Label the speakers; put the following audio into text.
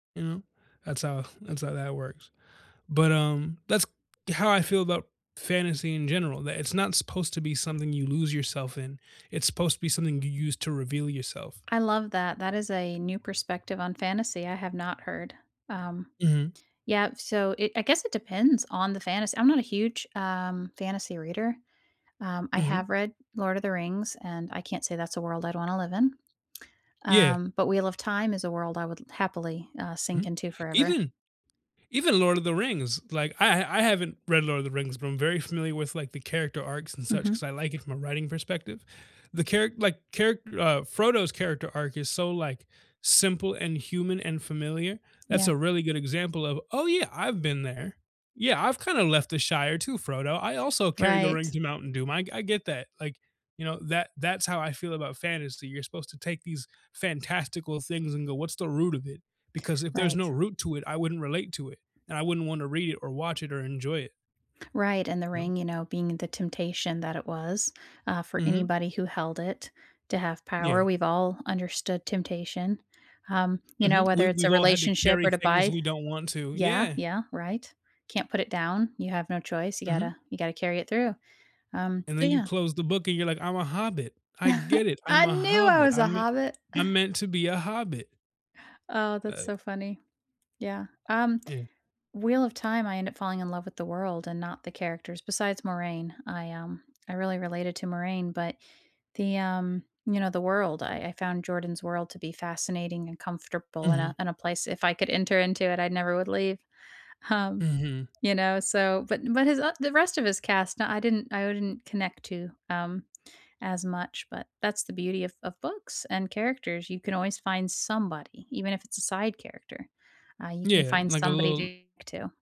Speaker 1: You know? That's how that's how that works. But, um, that's how I feel about fantasy in general, that it's not supposed to be something you lose yourself in, it's supposed to be something you use to reveal yourself.
Speaker 2: I love that, that is a new perspective on fantasy I have not heard, um.
Speaker 1: Mhm.
Speaker 2: Yep, so it I guess it depends on the fantas I'm not a huge, um, fantasy reader. Um, I
Speaker 1: Mhm.
Speaker 2: have read Lord of the Rings, and I can't say that's a world I'd want to live in.
Speaker 1: Yeah.
Speaker 2: Um, but Wheel of Time is a world I would l happily, uh, sink
Speaker 1: Mhm.
Speaker 2: into forever.
Speaker 1: Even even Lord of the Rings, like, I h I haven't read Lord of the Rings, but I'm very familiar with, like, the character arcs and such
Speaker 2: Mhm.
Speaker 1: 'cause I like it from a writing perspective. The charac like, charac uh, Frodo's character arc is so, like, simple and human and familiar. That's
Speaker 2: Yeah.
Speaker 1: a really good example of, "Oh yeah, I've been there. Yeah, I've kind of left the Shire too, Frodo. I also carry the
Speaker 2: Right.
Speaker 1: ring to Mountain Doom." I I get that, like, you know, that that's how I feel about fantasy. You're supposed to take these fantastical things and go, what's the root of it? Because if there's
Speaker 2: Right.
Speaker 1: no root to it, I wouldn't relate to it, and I wouldn't want to read it or watch it or enjoy it.
Speaker 2: Right, and the
Speaker 1: No.
Speaker 2: ring, you know, being the temptation that it was, uh, for
Speaker 1: Mhm.
Speaker 2: anybody who held it to have power;
Speaker 1: Yeah.
Speaker 2: we've all understood temptation. Um, you know,
Speaker 1: Mhm, we
Speaker 2: whether it's
Speaker 1: we've
Speaker 2: a
Speaker 1: all had to
Speaker 2: relationship
Speaker 1: carry
Speaker 2: or to
Speaker 1: things
Speaker 2: buy
Speaker 1: we don't want to,
Speaker 2: Yeah,
Speaker 1: yeah.
Speaker 2: yeah, right. Can't put it down. You have no choice. You
Speaker 1: Mhm.
Speaker 2: gotta you gotta carry it through. Um,
Speaker 1: And then
Speaker 2: so
Speaker 1: you
Speaker 2: yeah.
Speaker 1: close the book and you're like, "I'm a hobbit. I get it, I'm
Speaker 2: I
Speaker 1: a
Speaker 2: knew I
Speaker 1: hobbit,
Speaker 2: was a
Speaker 1: I'm mean
Speaker 2: hobbit.
Speaker 1: I'm meant to be a hobbit."
Speaker 2: Oh, that's
Speaker 1: Uh
Speaker 2: so funny. Yeah, um,
Speaker 1: Mm.
Speaker 2: Wheel of Time, I end up falling in love with the world and not the characters, besides Moiraine. I, um I really related to Moiraine, but the, um, you know, the world, I I found Jordan's world to be fascinating and comfortable in
Speaker 1: Mhm.
Speaker 2: a in a place. If I could enter into it, I never would leave, um,
Speaker 1: Mhm.
Speaker 2: you know, so. But but his o the rest of his cast, nah, I didn't I wouldn't connect to, um, as much, but that's the beauty of of books and characters, you can always find somebody, even if it's a side character, uh, you can
Speaker 1: Yeah,
Speaker 2: find
Speaker 1: like a
Speaker 2: somebody
Speaker 1: little
Speaker 2: to to.